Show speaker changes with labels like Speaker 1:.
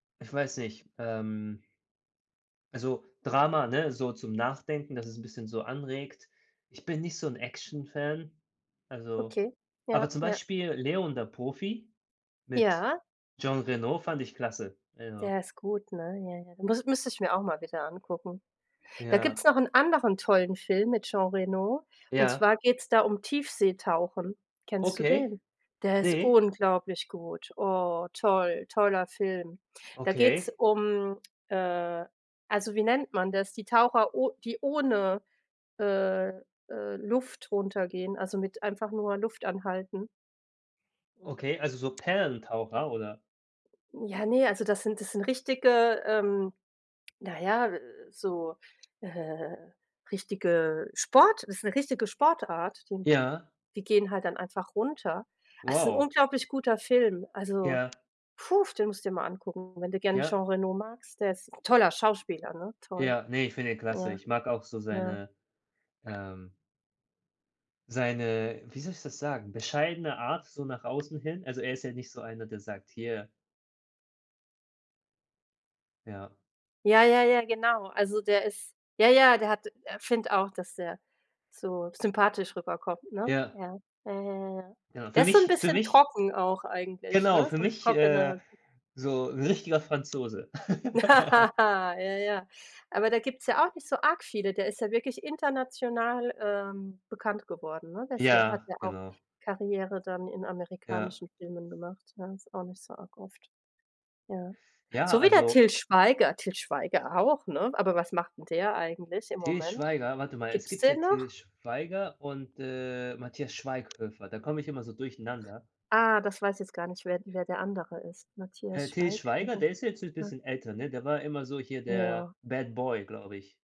Speaker 1: Ich weiß nicht, ähm. Also, Drama, ne? So zum Nachdenken, dass es 'n bisschen so anregt. ich bin nicht so 'n Actionfan, also
Speaker 2: Okay, ja,
Speaker 1: aber zum
Speaker 2: ja.
Speaker 1: Beispiel „Léon– Der Profi“ mit
Speaker 2: Ja.
Speaker 1: Jean Reno fand ich klasse, also.
Speaker 2: Der ist gut, ne? Ja, ja, müs müsste ich mir auch mal wieder angucken. Da
Speaker 1: Ja.
Speaker 2: gibt's noch 'n anderen tollen Film mit Jean Reno, und
Speaker 1: Ja.
Speaker 2: zwar geht's da um Tiefseetauchen. Kennst du
Speaker 1: Okay.
Speaker 2: den? Der ist
Speaker 1: Ne.
Speaker 2: unglaublich gut. Oh, toll, toller Film. Da geht 's
Speaker 1: Okay.
Speaker 2: um, äh also, wie nennt man das, die Taucher o die ohne, äh, äh, Luft runtergehen, also mit einfach nur Luftanhalten.
Speaker 1: Okay, also so Perlentaucher, oder?
Speaker 2: Ja, ne, also das sind das sind richtige, ähm, naja, so, äh, richtige Sport ist 'ne richtige Sportart, die
Speaker 1: Ja.
Speaker 2: die gehen halt dann einfach runter. Es 'n
Speaker 1: Wow.
Speaker 2: unglaublich guter Film, also
Speaker 1: Ja.
Speaker 2: puh, den musst du dir mal angucken, wenn du gerne Jean
Speaker 1: Ja.
Speaker 2: Reno magst, der ist toller Schauspieler, ne? Toll.
Speaker 1: Ja, ne, ich finde ihn klasse.
Speaker 2: Ja.
Speaker 1: Ich mag auch so
Speaker 2: Ja.
Speaker 1: seine, ähm seine wie soll ich das sagen, bescheidene Art so nach außen hin. Also, er ist ja nicht so einer, der sagt: „Hier.“ Ja.
Speaker 2: Ja, ja, ja, genau, also der ist ja, ja, der hat äh, finde auch, dass der so sympathisch rüberkommt, ne?
Speaker 1: Ja.
Speaker 2: Ja, ja, ja, ja, ja.
Speaker 1: Ja,
Speaker 2: Der
Speaker 1: für
Speaker 2: ist so 'n
Speaker 1: mich für
Speaker 2: bisschen
Speaker 1: mich
Speaker 2: trocken auch eigentlich,
Speaker 1: genau,
Speaker 2: ne,
Speaker 1: für
Speaker 2: so 'n
Speaker 1: mich, äh,
Speaker 2: trockener.
Speaker 1: so 'n richtiger Franzose.
Speaker 2: Ja, ja. Aber da gibt's ja auch nicht so arg viele, der ist ja wirklich international, ähm, bekannt geworden, ne? Der ist ja hat
Speaker 1: Ja,
Speaker 2: ja auch
Speaker 1: genau.
Speaker 2: Karriere dann in
Speaker 1: Ja.
Speaker 2: amerikanischen Filmen gemacht, ja, ist auch nicht so arg oft, ja.
Speaker 1: Ja,
Speaker 2: So wie der
Speaker 1: also
Speaker 2: Til Schweiger, Til Schweiger auch, ne? Aber was macht 'n der eigentlich im
Speaker 1: Til
Speaker 2: Moment?
Speaker 1: Schweiger? Warte mal, es
Speaker 2: Gibt 's
Speaker 1: gibt ja
Speaker 2: den
Speaker 1: Til
Speaker 2: noch?
Speaker 1: Schweiger und, äh, Matthias Schweighöfer, da komme ich immer so durcheinander.
Speaker 2: Ah, das weiß jetzt gar nicht, wer wer der andere ist,
Speaker 1: Äh,
Speaker 2: Matthias
Speaker 1: Til Schweiger,
Speaker 2: Schweighöfer.
Speaker 1: der ist jetzt 'n
Speaker 2: Hm.
Speaker 1: bisschen älter, ne? Der war immer so hier der
Speaker 2: Ja.
Speaker 1: Bad Boy, glaube ich.